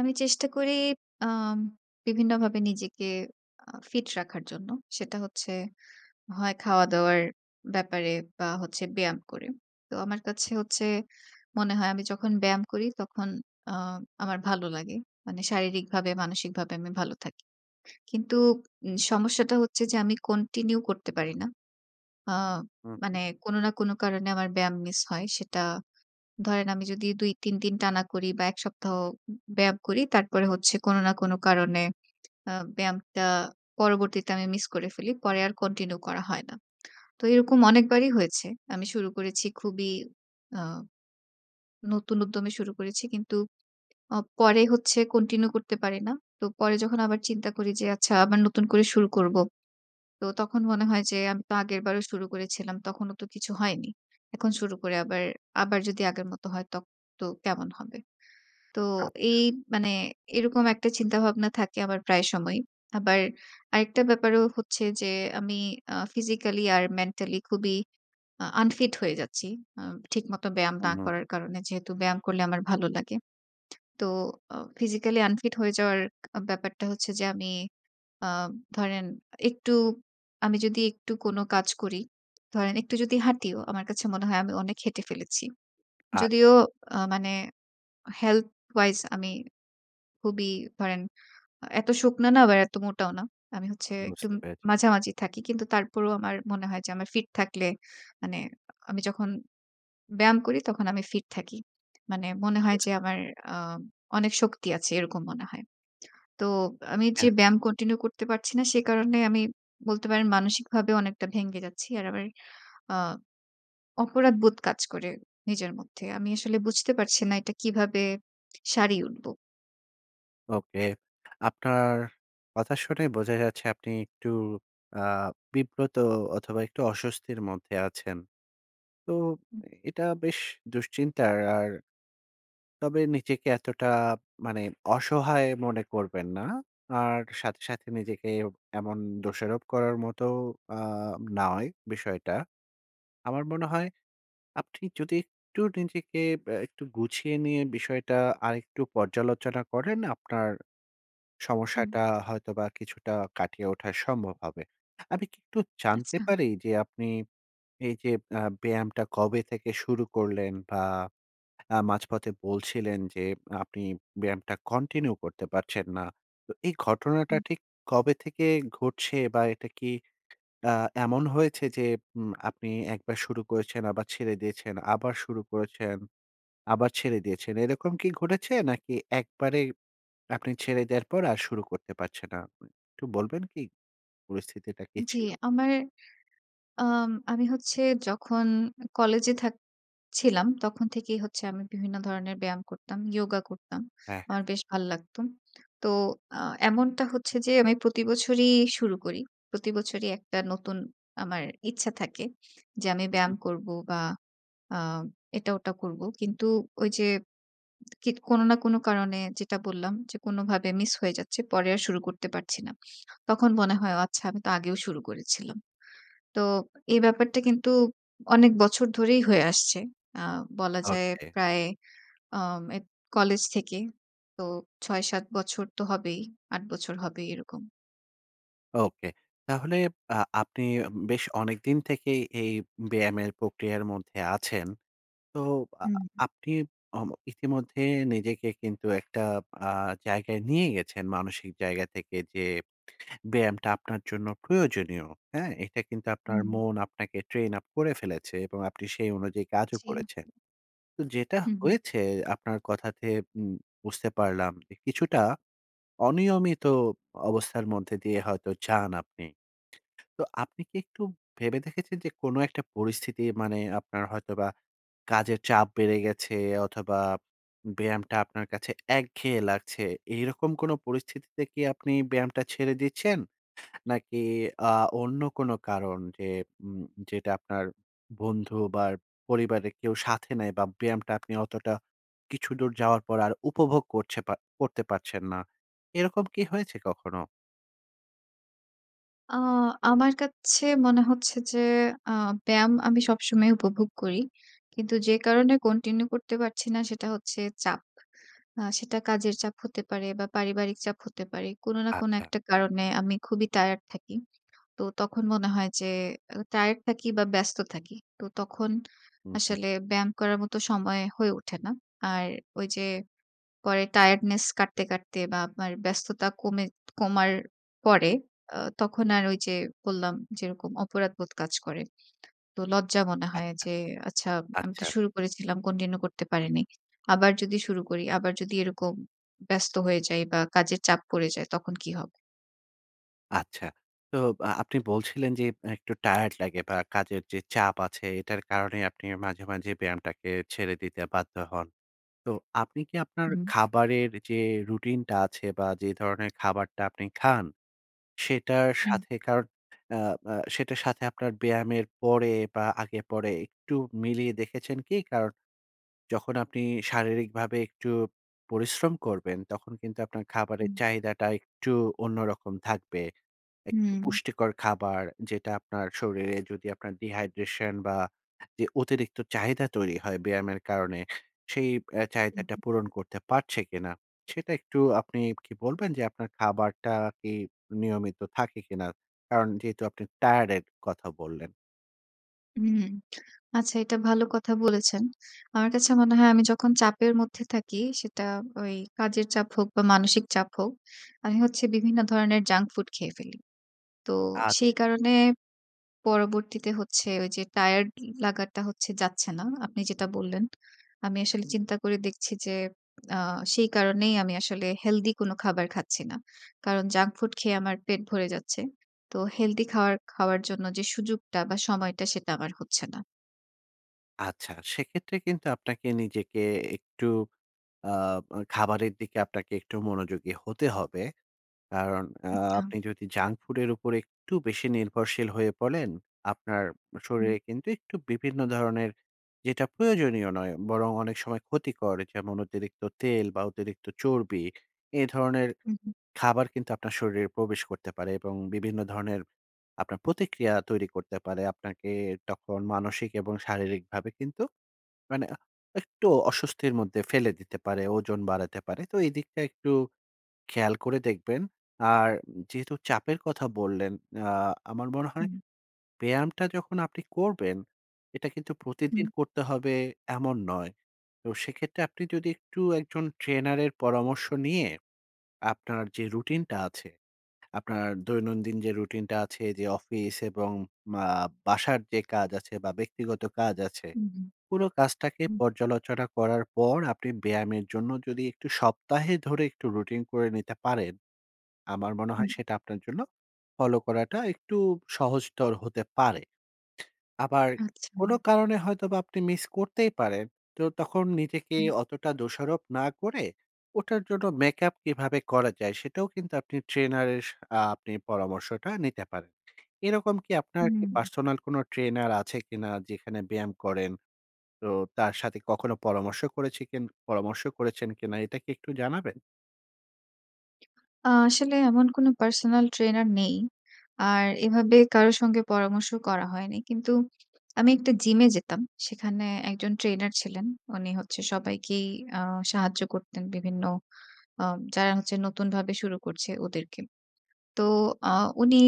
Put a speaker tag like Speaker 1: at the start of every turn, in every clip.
Speaker 1: আমি চেষ্টা করি আম বিভিন্নভাবে নিজেকে আ ফিট রাখার জন্য। সেটা হচ্ছে হয় খাওয়া-দাওয়ার ব্যাপারে বা, হচ্ছে ব্যায়াম করে। তো আমার কাছে হচ্ছে মনে হয় আমি যখন ব্যায়াম করি, তখন আ আমার ভালো লাগে। মানে শারীরিকভাবে, মানসিকভাবে আমি ভালো থাকি। কিন্তু উম সমস্যাটা হচ্ছে যে আমি continue করতে পারি না। আ
Speaker 2: হু।
Speaker 1: মানে কোনো না কোনো কারণে আমার ব্যায়াম মিস হয়। সেটা ধরেন আমি যদি ২, ৩ দিন টানা করি বা, ১ সপ্তাহ উ উব ব্যায়াম করি। তারপরে হচ্ছে কোনো না কোনো কারণে আ ব্যায়ামটা পরবর্তীতে আমি মিস করে ফেলি। পরে আর continue করা হয় না। তো এরকম অনেকবারই হয়েছে। আমি শুরু করেছি খুবই আ নতুন উদ্যমে শুরু করেছি। কিন্তু আ পরে হচ্ছে continue করতে পারি না। তো পরে যখন আবার চিন্তা করি যে আচ্ছা, আবার নতুন করে শুরু করবো। তো তখন মনে হয় যে আমি তো আগেরবারও শুরু করেছিলাম, তখনও তো কিছু হয়নি। এখন শুরু করে আবার, আবার যদি আগের মত হয়, তখন তো কেমন হবে? তো
Speaker 2: আচ্ছা।
Speaker 1: এই মানে এরকম একটা চিন্তাভাবনা থাকে আমার প্রায় সময়ই। আবার আরেকটা ব্যাপারও হচ্ছে যে, আমি আ physically আর mentally খুবই আ unfit হয়ে যাচ্ছি আম ঠিক মতো ব্যায়াম
Speaker 2: হু,
Speaker 1: না
Speaker 2: হু।
Speaker 1: করার কারণে। যেহেতু ব্যায়াম করলে আমার ভালো লাগে, তো আও physically unfit হয়ে যাওয়ার ব্যাপারটা হচ্ছে যে আমি আম ধরেন, একটু আমি যদি একটু কোনো কাজ করি, ধরেন একটু যদি হাঁটিও, আমার কাছে মনে হয় আমি অনেক হেঁটে ফেলেছি। যদিও
Speaker 2: আচ্ছা।
Speaker 1: আ মানে health wise আমি খুবই ধরেন, এত শুকনা না বা, এত মোটাও না। আমি হচ্ছে একটু
Speaker 2: বুঝতে
Speaker 1: উম
Speaker 2: পেরেছি।
Speaker 1: মাঝামাঝি থাকি। কিন্তু তারপরও আমার মনে হয় যে আমার ফিট থাকলে মানে আমি যখন ব্যায়াম করি, তখন আমি ফিট থাকি। মানে মনে হয়
Speaker 2: [unintelligible]
Speaker 1: যে আমার আম অনেক শক্তি আছে। এরকম মনে হয়। তো আমি যে
Speaker 2: হ্যাঁ।
Speaker 1: ব্যায়াম continue করতে পারছি না, সে কারণে আমি বলতে পারেন মানসিকভাবে অনেকটা ভেঙে যাচ্ছি। আর আমার আ অপরাধবোধ কাজ করে নিজের মধ্যে। আমি আসলে বুঝতে পারছি না, এটা কীভাবে সারিয়ে উঠবো?
Speaker 2: ওকে। আপনার কথা শুনেই বোঝা যাচ্ছে আপনি একটু আ বিব্রত অথবা একটু অস্বস্তির মধ্যে আছেন। তো
Speaker 1: হু।
Speaker 2: এটা বেশ দুশ্চিন্তার আর তবে নিজেকে এতটা মানে অসহায় মনে করবেন না। আর সাথে সাথে নিজেকে এমন দোষারোপ করার মতো আ নয় বিষয়টা। আমার মনে হয় আপনি যদি একটু নিজেকে আ একটু গুছিয়ে নিয়ে বিষয়টা আরেকটু পর্যালোচনা করেন, আপনার
Speaker 1: হুম।
Speaker 2: সমস্যাটা হয়তো বা কিছুটা কাটিয়ে ওঠা সম্ভব হবে। আমি কি একটু জানতে
Speaker 1: আচ্ছা।
Speaker 2: পারি যে, আপনি এই যে আ ব্যায়ামটা কবে থেকে শুরু করলেন? বা আ মাঝপথে বলছিলেন যে, আপনি ব্যায়ামটা continue করতে পারছেন না। তো এই ঘটনাটা
Speaker 1: হুম।
Speaker 2: ঠিক কবে থেকে ঘটছে? বা এটা কি আ এমন হয়েছে যে, উম আপনি একবার শুরু করেছেন, আবার ছেড়ে দিয়েছেন, আবার শুরু করেছেন, আবার ছেড়ে দিয়েছেন, এরকম কি ঘটেছে? নাকি একবারে আপনি ছেড়ে দেওয়ার পর আর শুরু করতে পারছেন না? আ একটু বলবেন কি, পরিস্থিতিটা কি
Speaker 1: জি,
Speaker 2: ছিল?
Speaker 1: আমার আম আমি হচ্ছে যখন কলেজে থাক ছিলাম। তখন থেকেই হচ্ছে, আমি বিভিন্ন ধরনের ব্যায়াম করতাম, yoga করতাম।
Speaker 2: হ্যাঁ, হ্যাঁ।
Speaker 1: আমার বেশ ভাল লাগতো। তো আ এমনটা হচ্ছে যে, আমি প্রতিবছরই শুরু করি। প্রতিবছরই একটা নতুন আমার ইচ্ছা থাকে, যে আমি
Speaker 2: হু,
Speaker 1: ব্যায়াম
Speaker 2: হু।
Speaker 1: করবো বা আ এটা-ওটা করবো। কিন্তু ঐ যে কিৎ কোন না কোন কারণে যেটা বললাম যে কোনভাবে মিস হয়ে যাচ্ছে। পরে আর শুরু করতে পারছি না। তখন মনে হয়, ও আচ্ছা, আমি তো আগেও শুরু করেছিলাম। তো এই ব্যাপারটা
Speaker 2: আচ্ছা।
Speaker 1: কিন্তু অনেক বছর ধরেই হয়ে আসছে। আ বলা যায়
Speaker 2: ওকে।
Speaker 1: প্রায় আম এক কলেজ থেকে। তো ৬ ৭ বছর তো হবেই। ৮ বছর হবেই এরকম।
Speaker 2: OK তাহলে আ আপনি বেশ অনেকদিন থেকেই এই ব্যায়ামের প্রক্রিয়ার মধ্যে আছেন? তো আ
Speaker 1: উম, হু।
Speaker 2: আপনি ও ইতিমধ্যে নিজেকে কিন্তু একটা আ জায়গায় নিয়ে গেছেন। মানসিক জায়গা থেকে যে ব্যায়ামটা আপনার জন্য প্রয়োজনীয়। হ্যাঁ? এটা কিন্তু আপনার
Speaker 1: হুম।
Speaker 2: মন আপনাকে Train-up করে ফেলেছে। এবং আপনি সেই অনুযায়ী কাজও
Speaker 1: জী।
Speaker 2: করেছেন। যেটা
Speaker 1: হু, হু।
Speaker 2: হয়েছে আপনার কথাতে উম বুঝতে পারলাম কিছুটা অনিয়মিত অবস্থার মধ্যে দিয়ে হয়তো যান আপনি। তো আপনি কি একটু ভেবে দেখেছেন যে কোন একটা পরিস্থিতি, মানে আপনার হয়তোবা কাজের চাপ বেড়ে গেছে অথবা ব্যায়ামটা আপনার কাছে একঘেয়ে লাগছে। এরকম কোন পরিস্থিতিতে কি আপনি ব্যায়ামটা ছেড়ে দিচ্ছেন? নাকি আ অন্য কোন কারণ যে উম যেটা আপনার বন্ধু বা পরিবারের কেউ সাথে নাই। বা ব্যায়ামটা আপনি অতটা কিছুদূর যাওয়ার পর আর উপভোগ করছে পা করতে পারছেন না। এরকম কি হয়েছে কখনো?
Speaker 1: আ আমার কাছে মনে হচ্ছে যে, আ ব্যায়াম আমি সবসময়ই উপভোগ করি। কিন্তু যে কারণে continue করতে পারছি না, সেটা হচ্ছে চাপ। আ সেটা কাজের চাপ হতে পারে বা, পারিবারিক চাপ হতে পারে। কোন না কোন
Speaker 2: আচ্ছা।
Speaker 1: একটা কারণে আমি খুবই টায়ার্ড থাকি। তো তখন মনে হয় যে আ টায়ার্ড থাকি বা, ব্যস্ত থাকি। তো তখন
Speaker 2: হু, হু।
Speaker 1: আসলে ব্যায়াম করার মতো সময় হয়ে ওঠে না। আর ঐযে পরে টায়ার্ডনেস কাটতে, কাটতে বা, আপনার ব্যস্ততা কমে কমার পরে অ তখন আর ঐযে বললাম, যেরকম অপরাধবোধ কাজ করে। তো লজ্জা মনে
Speaker 2: আচ্ছা,
Speaker 1: হয় যে, আচ্ছা আমি তো
Speaker 2: আচ্ছা।
Speaker 1: শুরু করেছিলাম, continue করতে পারিনি। আবার যদি শুরু করি আবার যদি এরকম ব্যস্ত হয়ে যাই বা, কাজের চাপ পড়ে যায়, তখন কি হবে?
Speaker 2: আচ্ছা। তো বা আপনি বলছিলেন যে, অ্যা একটু টায়ার্ড লাগে বা, কাজের যে চাপ আছে, এটার কারণে আপনি মাঝে, মাঝে ব্যায়ামটাকে ছেড়ে দিতে বাধ্য হন। তো আপনি কি আপনার
Speaker 1: হুম।
Speaker 2: খাবারের যে রুটিনটা আছে বা, যে ধরনের খাবারটা আপনি খান, সেটার
Speaker 1: হুম।
Speaker 2: সাথেকার আ আ সেটার সাথে আপনার ব্যায়ামের পরে বা, আগে পরে একটু মিলিয়ে দেখেছেন কি? কারন, যখন আপনি শারীরিকভাবে একটু পরিশ্রম করবেন, তখন কিন্তু আপনার খাবারের
Speaker 1: হুম।
Speaker 2: চাহিদাটা একটু অন্যরকম থাকবে। একটু
Speaker 1: হুম।
Speaker 2: পুষ্টিকর খাবার যেটা আপনার শরীরে যদি আপনার dehydration বা, যে অতিরিক্ত চাহিদা তৈরি হয় ব্যায়ামের কারণে, সেই বে
Speaker 1: হু,
Speaker 2: চাহিদাটা
Speaker 1: হুম।
Speaker 2: পূরণ করতে পারছে কিনা, সেটা একটু আপনি কি বলবেন? যে আপনার খাবারটা কি নিয়মিত থাকে কিনা? কারণ, যেহেতু আপনি টায়ার্ডের কথা বললেন।
Speaker 1: হুম। আচ্ছা, এটা ভালো কথা বলেছেন। আমার কাছে মনে হয় আমি যখন চাপের মধ্যে থাকি। সেটা ওই কাজের চাপ হোক বা, মানসিক চাপ হোক। আমি হচ্ছে বিভিন্ন ধরনের junk ফুড খেয়ে ফেলি। তো সেই
Speaker 2: আচ্ছা।
Speaker 1: কারণে পরবর্তীতে হচ্ছে ঐযে টায়ার্ড লা লাগাটা হচ্ছে, যাচ্ছে না। আপনি যেটা বললেন, আমি আসলে চিন্তা করে দেখছি যে আ সেই কারণেই আমি আসলে হেলদি কোন খাবার খাচ্ছি না। কারণ, junk ফুড খেয়ে আমার পেট ভরে যাচ্ছে। তো হেলদি খাওয়ার, খাওয়ার জন্য যে সুযোগটা বা, সময়টা সেটা আমার হচ্ছে না।
Speaker 2: আচ্ছা, সেক্ষেত্রে কিন্তু আপনাকে নিজেকে একটু আব খাবারের দিকে আপনাকে একটু মনোযোগী হতে হবে। কারণ আ
Speaker 1: আচ্ছা।
Speaker 2: আপনি যদি junk ফুডের উপর একটু বেশি নির্ভরশীল হয়ে পড়েন, আপনার
Speaker 1: হুম।
Speaker 2: শরীরে কিন্তু একটু বিভিন্ন ধরনের যেটা প্রয়োজনীয় নয় বরং অনেক সময় ক্ষতিকর। যেমন অতিরিক্ত তেল বা অতিরিক্ত চর্বি, এ ধরনের
Speaker 1: হু, হু।
Speaker 2: খাবার কিন্তু আপনার শরীরে প্রবেশ করতে পারে এবং বিভিন্ন ধরনের আপনার প্রতিক্রিয়া তৈরি করতে পারে। আপনাকে তখন মানসিক এবং শারীরিকভাবে কিন্তু মানে আ একটু অস্বস্তির মধ্যে ফেলে দিতে পারে। ওজন বাড়াতে পারে। তো এদিকটা একটু খেয়াল করে দেখবেন। আর উম যেহেতু চাপের কথা বললেন, আ আমার মনে হয়
Speaker 1: হুম।
Speaker 2: ব্যায়ামটা যখন আপনি করবেন, এটা কিন্তু প্রতিদিন
Speaker 1: হুম।
Speaker 2: করতে হবে, এমন নয়। তো সেক্ষেত্রে আপনি যদি একটু একজন ট্রেনারের পরামর্শ নিয়ে আপনার যে রুটিনটা আছে, আপনার দৈনন্দিন যে রুটিনটা আছে যে, অফিস এবং মা বাসার যে কাজ আছে বা, ব্যক্তিগত কাজ আছে।
Speaker 1: হু, হু।
Speaker 2: পুরো কাজটাকে
Speaker 1: হুম।
Speaker 2: পর্যালোচনা করার পর, আপনি ব্যায়ামের জন্য যদি একটু সপ্তাহে ধরে একটু রুটিন করে নিতে পারেন, আমার মনে হয়
Speaker 1: হুম।
Speaker 2: সেটা আপনার জন্য ফলো করাটা একটু সহজতর হতে পারে। আবার
Speaker 1: আচ্ছা।
Speaker 2: কোন কারণে হয়তোবা আপনি মিস করতেই পারেন। তো তখন নিজেকে
Speaker 1: হুম।
Speaker 2: অতটা দোষারোপ না করে ওটার জন্য make up কিভাবে করা যায়, সেটাও কিন্তু আপনি ট্রেনারের স আ আপনি পরামর্শটা নিতে পারেন। এরকম কি আপনার কি
Speaker 1: হুম।
Speaker 2: পার্সোনাল কোনো ট্রেনার আছে কিনা যেখানে ব্যায়াম করেন? তো তার সাথে কখনো পরামর্শ করেছে কিন পরামর্শ করেছেন কিনা? এটা কি একটু জানাবেন?
Speaker 1: আ আসলে এমন কোনো পার্সোনাল ট্রেনার নেই। আর এভাবে কারো সঙ্গে পরামর্শ করা হয়নি। কিন্তু আমি একটা জিমে যেতাম। সেখানে ১ জন ট্রেনার ছিলেন। উনি হচ্ছে সবাইকেই আ সাহায্য করতেন বিভিন্ন আম যারা হচ্ছে নতুনভাবে শুরু করছে ওদেরকে। তো আ উনি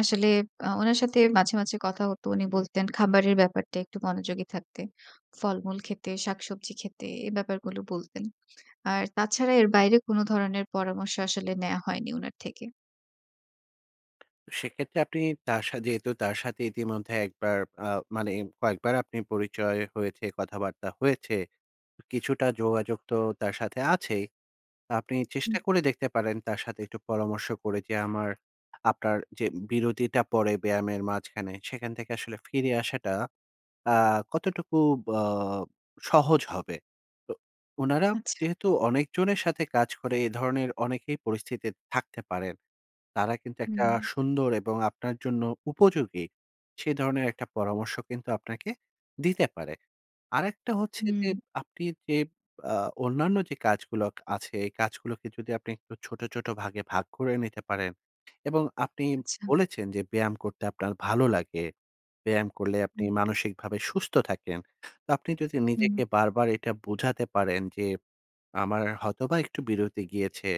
Speaker 1: আসলে আ উনার সাথে মাঝে, মাঝে কথা হতো। উনি বলতেন খাবারের ব্যাপারটা একটু মনোযোগী থাকতে। ফলমূল খেতে, শাকসবজি খেতে। এ ব্যাপারগুলো বলতেন। আর তাছাড়া এর বাইরে কোনো ধরনের পরামর্শ আসলে নেয়া হয়নি উনার থেকে।
Speaker 2: সেক্ষেত্রে আপনি তার সা যেহেতু তার সাথে ইতিমধ্যে একবার আ মানে কয়েকবার আপনি পরিচয় হয়েছে, কথাবার্তা হয়েছে, কিছুটা যোগাযোগ তো তার সাথে আছেই। আপনি চেষ্টা
Speaker 1: হু।
Speaker 2: করে দেখতে পারেন তার সাথে একটু পরামর্শ করে যে, আমার আপনার যে বিরতিটা পড়ে ব্যায়ামের মাঝখানে, সেখান থেকে আসলে ফিরে আসাটা আ কতটুকু বাব সহজ হবে। তো উনারা
Speaker 1: আচ্ছা।
Speaker 2: যেহেতু অনেকজনের সাথে কাজ করে, এ ধরনের অনেকেই পরিস্থিতিতে থাকতে পারেন। তারা কিন্তু একটা
Speaker 1: হুম।
Speaker 2: সুন্দর এবং আপনার জন্য উপযোগী, সে ধরনের একটা পরামর্শ কিন্তু আপনাকে দিতে পারে। আরেকটা হচ্ছে যে
Speaker 1: হুম।
Speaker 2: আপনি যে আ অন্যান্য যে কাজগুলো কা আছে, এ কাজগুলোকে যদি আপনি একটু ছোট, ছোট ভাগে ভাগ করে নিতে পারেন এবং আপনি
Speaker 1: আচ্ছা।
Speaker 2: বলেছেন যে ব্যায়াম করতে আপনার ভালো লাগে। ব্যায়াম করলে আপনি
Speaker 1: হু।
Speaker 2: মানসিকভাবে সুস্থ থাকেন। তো আপনি যদি
Speaker 1: হুম।
Speaker 2: নিজেকে বারবার এটা বুঝাতে পারেন যে, আমার হয়তোবা একটু বিরতি গিয়েছে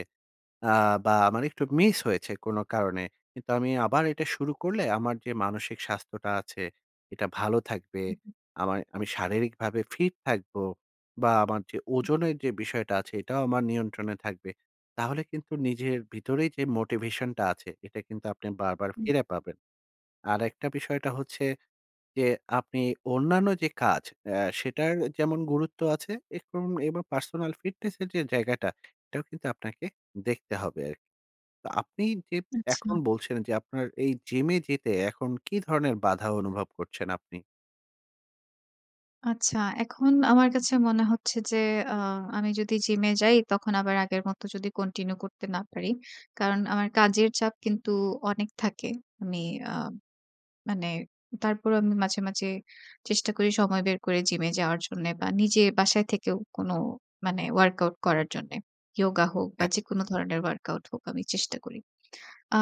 Speaker 2: আ বা, আমার একটু মিস হয়েছে কোনো কারণে। কিন্তু আমি আবার এটা শুরু করলে আমার যে মানসিক স্বাস্থ্যটা আছে, এটা ভালো থাকবে,
Speaker 1: হু, হু।
Speaker 2: আমায় আমি শারীরিকভাবে ফিট থাকবো বা, আমার যে
Speaker 1: হু।
Speaker 2: ওজনের যে বিষয়টা আছে, এটাও আমার নিয়ন্ত্রণে থাকবে। তাহলে কিন্তু নিজের ভিতরেই যে মোটিভেশনটা আছে, এটা কিন্তু আপনি বারবার
Speaker 1: হুম।
Speaker 2: ফিরে পাবেন। আরেকটা বিষয়টা হচ্ছে যে আপনি অন্যান্য যে কাজ, অ্যা সেটার অ্যা যেমন গুরুত্ব আ এরকম এবার পার্সোনাল ফিটনেসের যে জায়গাটা, এটাও কিন্তু আপনাকে দেখতে হবে আরকি। তো আপনি যে এখন
Speaker 1: আচ্ছা।
Speaker 2: বলছেন যে, আপনার এই জিমে যেতে এখন কী ধরনের বাধা অনুভব করছেন আপনি?
Speaker 1: আচ্ছা, এখন আমার কাছে মনে হচ্ছে যে আ আমি যদি Gym যাই, তখন আবার আগের মত যদি Continue করতে না পারি। কারণ আমার কাজের চাপ কিন্তু অনেক থাকে। আমি আ মানে তারপরও আমি মাঝে মাঝে চেষ্টা করি সময় বের করে Gym এ যাওয়ার জন্য বা নিজে বাসায় থেকেও কোনো মানে WorkOut করার জন্যে। Yoga হোক বা
Speaker 2: হ্যাঁ।
Speaker 1: যেকোনো ধরনের WorkOut হোক আমি চেষ্টা করি।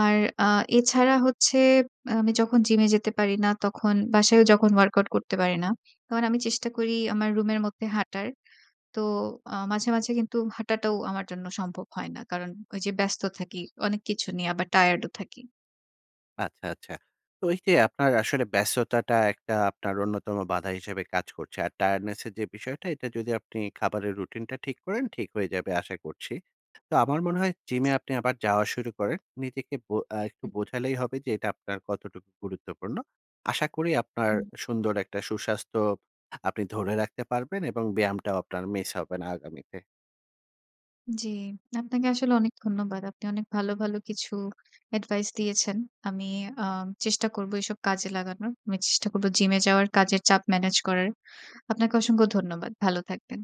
Speaker 1: আর আ এছাড়া হচ্ছে আম আমি যখন Gym এ যেতে পারি না তখন বাসায়ও যখন WorkOut করতে পারি না। কারণ আমি চেষ্টা করি আমার Room এর মধ্যে হাঁটার। তো আ মাঝে মাঝে কিন্তু হাঁটাটাও আমার জন্য সম্ভব হয় না। কারণ ওই যে ব্যস্ত থাকি, অনেক কিছু নিয়ে আবার Tired ও থাকি।
Speaker 2: আচ্ছা আচ্ছা। তো ওই যে আপনার আসলে ব্যস্ততাটা একটা আপনার অন্যতম বাধা হিসাবে কাজ করছে। আর Tiredness এর যে বিষয়টা এটা যদি আপনি খাবারের Routine টা ঠিক করেন, ঠিক হয়ে যাবে আশা করছি। তো আমার মনে হয় Gym এ আপনি আবার যাওয়া শুরু করেন। নিজেকে বো আ একটু
Speaker 1: হু, হু।
Speaker 2: বোঝালেই হবে যে এটা আপনার কতটুকু গুরুত্বপূর্ণ। আশা করি আপনার
Speaker 1: হুম।
Speaker 2: সুন্দর একটা সুস্বাস্থ্য আপনি ধরে রাখতে পারবেন এবং ব্যায়ামটাও আপনার Miss হবে না আগামীতে।
Speaker 1: জি। আপনাকে আসলে অনেক ধন্যবাদ। আপনি অনেক ভালো ভালো কিছু Advice দিয়েছেন। আমি আ চেষ্টা করবো এসব কাজে লাগানোর। আমি চেষ্টা করব Gym এ যাওয়ার, কাজের চাপ Manage করার। আপনাকে অসংখ্য ধন্যবাদ। ভালো থাকবেন।